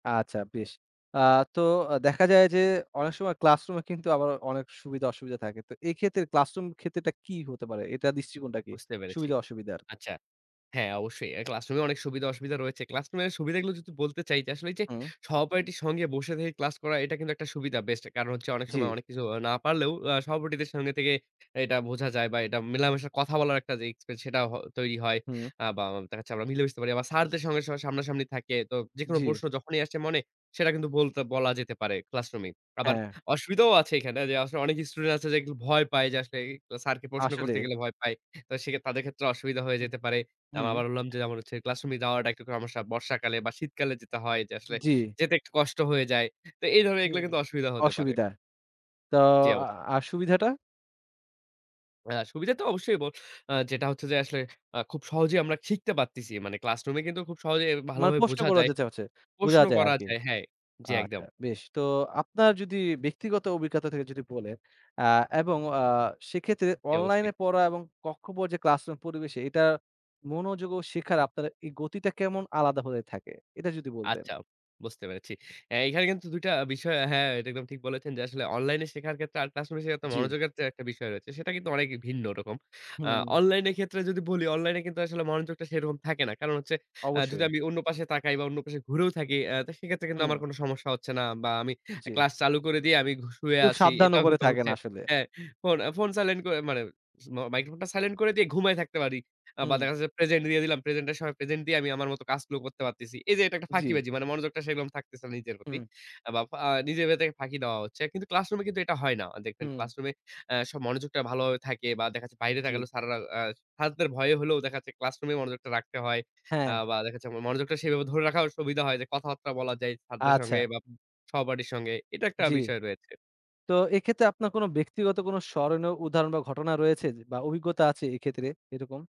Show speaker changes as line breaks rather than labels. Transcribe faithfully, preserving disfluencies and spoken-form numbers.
আচ্ছা বেশ। আ তো ও দেখা যায় যে অনেক সময় ক্লাসরুম এ কিন্তু আবারও অনেক সুবিধা-অসুবিধা থাকে। তো এক্ষেত্রে ক্লাস রুম ক্ষেত্রেটা একি হতে পারে? এটার দৃষ্টিকোণটা কি?
বুঝতে পেরেচি।
সুবিধা-অসুবিধার?
আচ্চা, হ্যাঁ, অবশ্যই। এ ক্লাসরুমে অনেক সুবিধা-অসুবিধা রয়েছে। ক্লাসরুমের সুবিধাগুলো যদি বলতে চাই, যে আসলে এই যে
হুম।
সহপাঠির সঙ্গে বসে থেকে ক্লাস করা এটা কিন্তু একটা সুবিধা বেস্ট। কারণ হচ্ছে অনেক সময়
জি।
অনেক কিছু ও না পারলেও আ সহপাঠিদের সঙ্গে থেকে এটা বোঝা যায় বা এটা মেলামেশা কথা বলার একটা এক্সপেন্স সেটা হ তৈরি হয়।
হুম।
আ বা আম দেখা যাচ্ছে আমরা মিলে বসতে পারি। বা স্যারদের সঙ্গে সবাই সামনাসামনি থাকে। তো যেকোনো
জি।
প্রশ্ন যখনই আসছে মনে সেটা কিন্তু বলতে, বলা যেতে পারে ক্লাসরুমেই। আবার
হ্যাঁ।
অসুবিধাও আছে এখানে, যে আসলে অনেক স্টুডেন্ট আছে যে একটু ভয় পায় যে অ্যা আসলেই স্যারকে প্রশ্ন
আসলে।
করতে গেলে ভয় পায়। তো সেক্ষেত্রে তাদের ক্ষেত্রে অসুবিধা হয়ে
উম
যেতে পারে। আমা আবার
হুম।
বললাম যে আমার হচ্ছে ক্লাসরুমে যাওয়াটা একটু সমস্যা বর্ষাকালে বা শীতকালে যেটা হয় যে আসলে
জি।
যেতে একটু কষ্ট হয়ে যায়। তো এই ধরনের এগ্লা কিন্তু অসুবিধা হতে পারে।
অসুবিধা। তো
জি,
আ
অবশ্যই।
আর সুবিধাটা?
অ্যা সুবিধা তো অবশ্যই ব আ যেটা হচ্ছে যে আসলে আ খুব সহজেই আমরা শিখতে পারতেছি। মানে ক্লাসরুমে কিন্তু খুব সহজেই অ্যা ভালো
মানে
ভাবে
প্রশ্ন
বোঝা
করে
যায়।
যেছে আছে, বোঝা
প্রশ্ন
যায়
করা
আরকি।
যায় হ্যাঁ, জি
আচ্চা,
একদম।
বেশ তো আপনার যদি ব্যক্তিগত অভিজ্ঞতা থেকে যদি বলেন আ এবং আ সেক্ষেত্রে
জি,
অনলাইন
অবশ্যই।
এ পড়া এবং কক্ষ পর যে ক্লাসরুম পরিবেশে এটা মনোযোগ ও শেখার আপনার এই গতিটা কেমন আলাদা হয়ে থাকে? এটা যদি বলতেন।
আচ্ছা, বুঝতে পেরেছি। অ্যা এখানে কিন্তু দুই টা বিষয় হ্যাঁ, এটা একদম ঠিক বলেছেন, যে আসলে অনলাইনে শেখার ক্ষেত্রে আর ক্লাসরুমে শেখার ক্ষেত্রে এত
জি।
মনোযোগের যে একটা বিষয় রয়েছে। সেটা কিন্তু অনেকই ভিন্নরকম। আ
হুম।
অনলাইনের ক্ষেত্রে যদি বলি অনলাইনে কিন্তু আসলে মনোযোগটা সেরকম থাকে না। কারণ হচ্ছে আ যদি
অবশ্যই।
আমি অন্য পাশে তাকাই বা অন্য পাশে ঘুরেও থাকি অ্যা তো সেক্ষেত্রে কিন্তু আমার
হুম।
কোন সমস্যা হচ্ছে না। বা আমি আ
জি।
ক্লাস চালু করে দিয়ে আমি ঘু শুয়ে
কেউ
আছি।
সাবধানও
এটাও
করে
কিন্তু
থাকেন
হচ্ছে
আসলে।
হ্যাঁ, ফোন, আ ফোন সাইলেন্ট করে মানে মো মাইক্রোফোনটা সাইলেন্ট করে দিয়ে ঘুমায়ে থাকতে পারি। আ বা
হুম।
দেখা যাচ্ছে যে প্রেজেন্ট দিয়ে দিলাম। প্রেজেন্ট এর সময় প্রেজেন্ট দিয়ে আমি আমার মত কাজগুলো করতে পারতেছি। এই যে এটা একটা
জি।
ফাঁকিবাজি। মানে মনোযোগটা সেরকম থাকতেছে না নিজের প্রতি।
হুম।
আ বা ফা নিজের ভেতরে ফাঁকি দেওয়া হচ্ছে। কিন্তু ক্লাসরুমে কিন্তু এটা হয় না। অ দেখবেন
হুম।
ক্লাসরুমে অ্যা সব মনোযোগটা ভালোভাবে থাকে বা দেখা যাচ্ছে বাইরে
জি।
তাকালেও স্যারেরা, আ স্যারদের ভয়ে হলেও দেখা যাচ্ছে ক্লাসরুমে মনোযোগটা রাখতে হয়। আ
হ্যাঁ।
বা দেখা যাচ্ছে আমার মনোযোগটা সেভাবে ধরে রাখাও সুবিধা হয় যে কথাবার্তা বলা যায় স্যারদের সঙ্গে
আচ্ছা।
বা সহপাঠির সঙ্গে। এটা একটা
জি।
বিষয় রয়েছে।
তো এক্ষেত্রে আপনার কোন ব্যক্তিগত কোনো স্মরণীয় উদাহরণ বা ঘটনা রয়েছে যে বা অভিজ্ঞতা আছে এক্ষেত্রে, এরকম?